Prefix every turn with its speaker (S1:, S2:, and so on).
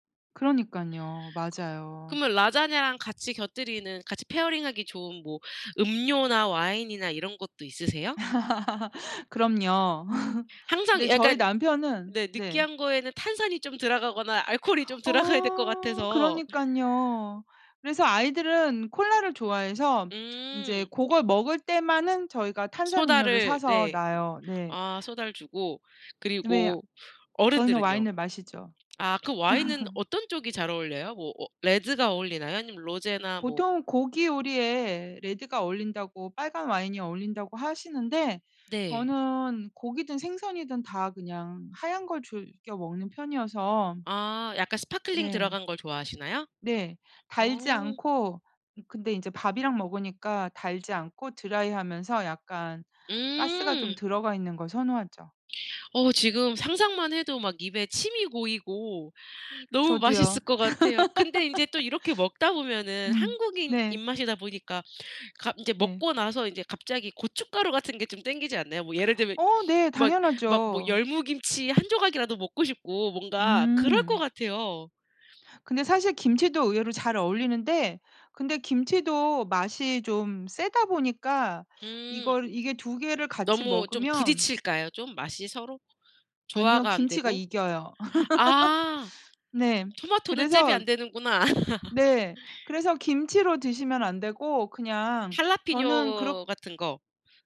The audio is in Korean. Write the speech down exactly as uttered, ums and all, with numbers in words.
S1: 그러니깐요.
S2: 그
S1: 맞아요.
S2: 그러면 라자냐랑 같이 곁들이는 같이 페어링 하기 좋은 뭐 음료나 와인이나 이런 것도 있으세요?
S1: 그럼요.
S2: 항상
S1: 근데 저희
S2: 약간
S1: 남편은
S2: 네
S1: 네.
S2: 느끼한 거에는 탄산이 좀 들어가거나 알코올이 좀 들어가야 될 것
S1: 아
S2: 같아서.
S1: 그러니깐요. 그래서 아이들은 콜라를 좋아해서 인제
S2: 음.
S1: 고걸 먹을 때만은 저희가 탄산음료를
S2: 소다를
S1: 사서
S2: 네.
S1: 놔요. 네.
S2: 아 소다를 주고.
S1: 왜 아
S2: 그리고
S1: 저희는
S2: 어른들은요?
S1: 와인을 마시죠.
S2: 아 그 와인은 어떤 쪽이 잘 어울려요? 뭐 어 red가 어울리나요? 아니면 rose나 뭐.
S1: 보통은 고기 요리에 레드가 어울린다고 빨간 와인이 어울린다고 하시는데
S2: 네.
S1: 저는 고기든 생선이든 다 그냥 하얀 걸 즐겨 먹는 편이어서
S2: 아 약간 sparkling
S1: 네.
S2: 들어간 걸 좋아하시나요?
S1: 네. 달지
S2: 어.
S1: 않고 으 근데 인제 밥이랑 먹으니까 달지 않고 드라이하면서 약간 가스가 좀
S2: 음.
S1: 들어가 있는 걸 선호하죠.
S2: 어 지금 상상만 해도 막 입에 침이 고이고 너무
S1: 저도요.
S2: 맛있을 것 같아요. 근데 인제 또 이렇게 먹다 보면은
S1: 음
S2: 한국인
S1: 네.
S2: 입맛이다 보니까. 갑 인제
S1: 네.
S2: 먹고 나서 인제 갑자기 고춧가루 같은 게 좀 땡기지 않나요? 뭐 예를 들면
S1: 어 네.
S2: 막 막 뭐
S1: 당연하죠.
S2: 열무김치 한 조각이라도 먹고 싶고 뭔가 그럴 것
S1: 음.
S2: 같아요.
S1: 근데 사실 김치도 의외로 잘 어울리는데 근데 김치도 맛이 좀 세다 보니까
S2: 음.
S1: 이걸 이게 두 개를 같이
S2: 너무 좀
S1: 먹으면
S2: 부딪힐까요? 좀 맛이 서로?
S1: 아니요.
S2: 조화가 안
S1: 김치가
S2: 되고.
S1: 이겨요.
S2: 아
S1: 네.
S2: 토마토는 잽이
S1: 그래서
S2: 안 되는구나.
S1: 네. 그래서 김치로 드시면 안 되고 그냥 저는 그렇
S2: 할라피뇨 같은 거.